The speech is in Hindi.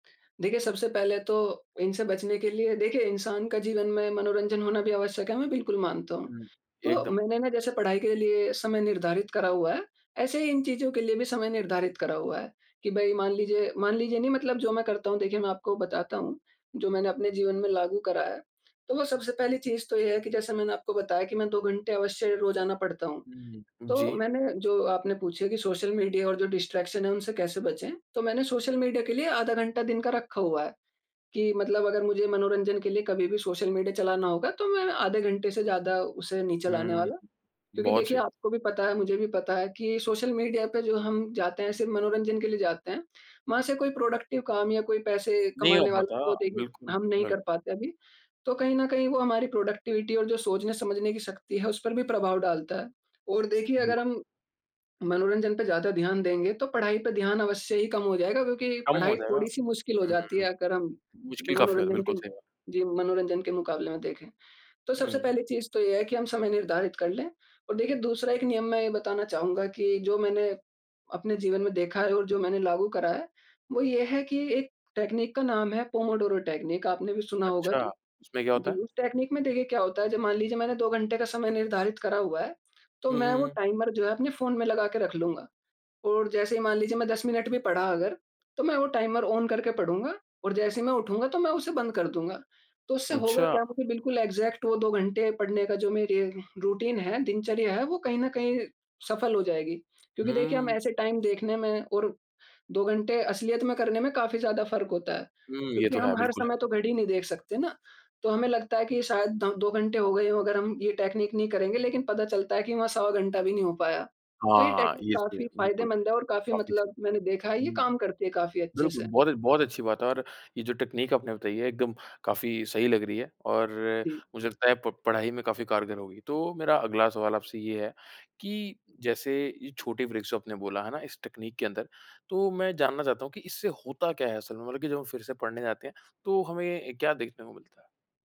देखिए, सबसे पहले तो इनसे बचने के लिए देखिए, इंसान का जीवन में मनोरंजन होना भी आवश्यक है, मैं बिल्कुल मानता हूँ। हुँ। तो एकदम। मैंने ना, जैसे पढ़ाई के लिए समय निर्धारित करा हुआ है, ऐसे ही इन चीज़ों के लिए भी समय निर्धारित करा हुआ है कि भई, मान लीजिए मान लीजिए नहीं, मतलब जो मैं करता हूँ, देखिए, मैं आपको बताता हूँ, जो मैंने अपने जीवन में लागू करा है। तो वो सबसे पहली चीज़ तो ये है कि जैसे मैंने आपको बताया कि मैं 2 घंटे अवश्य रोज़ाना पढ़ता हूँ। हुँ, तो जी। मैंने, जो आपने पूछे कि सोशल मीडिया और जो डिस्ट्रैक्शन है, उनसे कैसे बचें, तो मैंने सोशल मीडिया के लिए आधा घंटा दिन का रखा हुआ है कि मतलब अगर मुझे मनोरंजन के लिए कभी भी सोशल मीडिया चलाना होगा, तो मैं आधे घंटे से ज़्यादा उसे नहीं चलाने हुँ। वाला। क्योंकि बहुत देखिए, सही। आपको भी पता है, मुझे भी पता है कि सोशल मीडिया पे जो हम जाते हैं, सिर्फ़ मनोरंजन के लिए जाते हैं। वहाँ से कोई प्रोडक्टिव काम या कोई पैसे नहीं हो कमाने वाला पाता। तो, देखिए, बिल्कुल, हम नहीं कर बिल्कुल। पाते अभी। तो कहीं न कहीं, वो हमारी प्रोडक्टिविटी और जो सोचने-समझने की शक्ति है, उस पर भी प्रभाव डालता है। और देखिए, बि अगर हम मनोरंजन पे ज़्यादा ध्यान देंगे, तो पढ़ाई पे ध्यान अवश्य ही कम हो जायेगा, क्योंकि कम हो पढ़ाई जाएगा। थोड़ी-सी मुश्किल हो जाती हुँ। है, अगर हम मुश्किल काफ़ी हो जाता है, मनोरंजन के बिल्कुल सही बात। जी, मनोरंजन के मुकाबले में देखें। तो सबसे हुँ। पहली चीज़ तो ये है कि हम समय निर्धारित कर लें, और देखिए, दूसरा एक नियम मैं ये बताना चाहूँगा कि जो मैंने अपने जीवन में देखा है और जो मैंने लागू करा है, वो ये है कि एक टेकनीक का नाम है, पोमोडोरो टेकनीक। आपने भी सुना होगा अच्छा, तो। उसमें क्या जी, होता है? उस टेकनीक में, देखिए, क्या होता है, जब मान लीजिये मैंने 2 घंटे का समय निर्धारित करा हुआ है, तो हुँ, मैं हुँ, वो हुँ। टाइमर जो है, अपने फ़ोन में लगा के रख लूँगा। और जैसे ही मान लीजिए, मैं 10 मिनट भी पढ़ा अगर, तो मैं वो टाइमर ऑन करके पढूँगा, और जैसे ही मैं उठूँगा, तो मैं उसे बंद कर दूँगा। तो उससे होगा अच्छा! क्या, मुझे बिल्कुल एग्ज़ैक्ट वो 2 घंटे पढ़ने का जो मेरे रूटीन है, दिनचर्या है, वो कहीं न कहीं सफल हो जाएगी। क्योंकि देखिए, हम हुँ। ऐसे टाइम देखने में और 2 घंटे असलियत में करने में काफ़ी ज़्यादा फ़र्क होता है। हुँ, ये क्योंकि तो है, हम हर बिल्कुल है। समय तो घड़ी नहीं देख सकते ना, तो हमें लगता है कि ये शायद द दो घंटे हो गए हों, अगर हम ये टेकनीक नहीं करेंगे। लेकिन पता चलता है कि वहाँ सवा घंटा भी नहीं हो पाया। तो ये हाँ, टेकनीक इस पे, काफ़ी बिल्कुल। फ़ायदेमंद है और काफ़ी काफ़ी सही। मतलब मैंने देखा है, ये हुँ। काम करती है काफ़ी अच्छे बिल्कुल, से। बहुत ए बहुत अच्छी बात है और ये जो तकनीक आपने बताई है, एकदम काफ़ी सही लग रही है, और जी। मुझे लगता है, प पढ़ाई में काफ़ी कारगर होगी। तो मेरा अगला सवाल आपसे ये है कि जैसे ये छोटे ब्रेकस, जो आपने बोला, है ना? इस तकनीक के अंदर, तो मैं जानना चाहता हूँ कि इससे होता क्या है असल में? मतलब कि जब हम फिर से पढ़ने जाते हैं, तो हमें क्या देखने को मिलता है?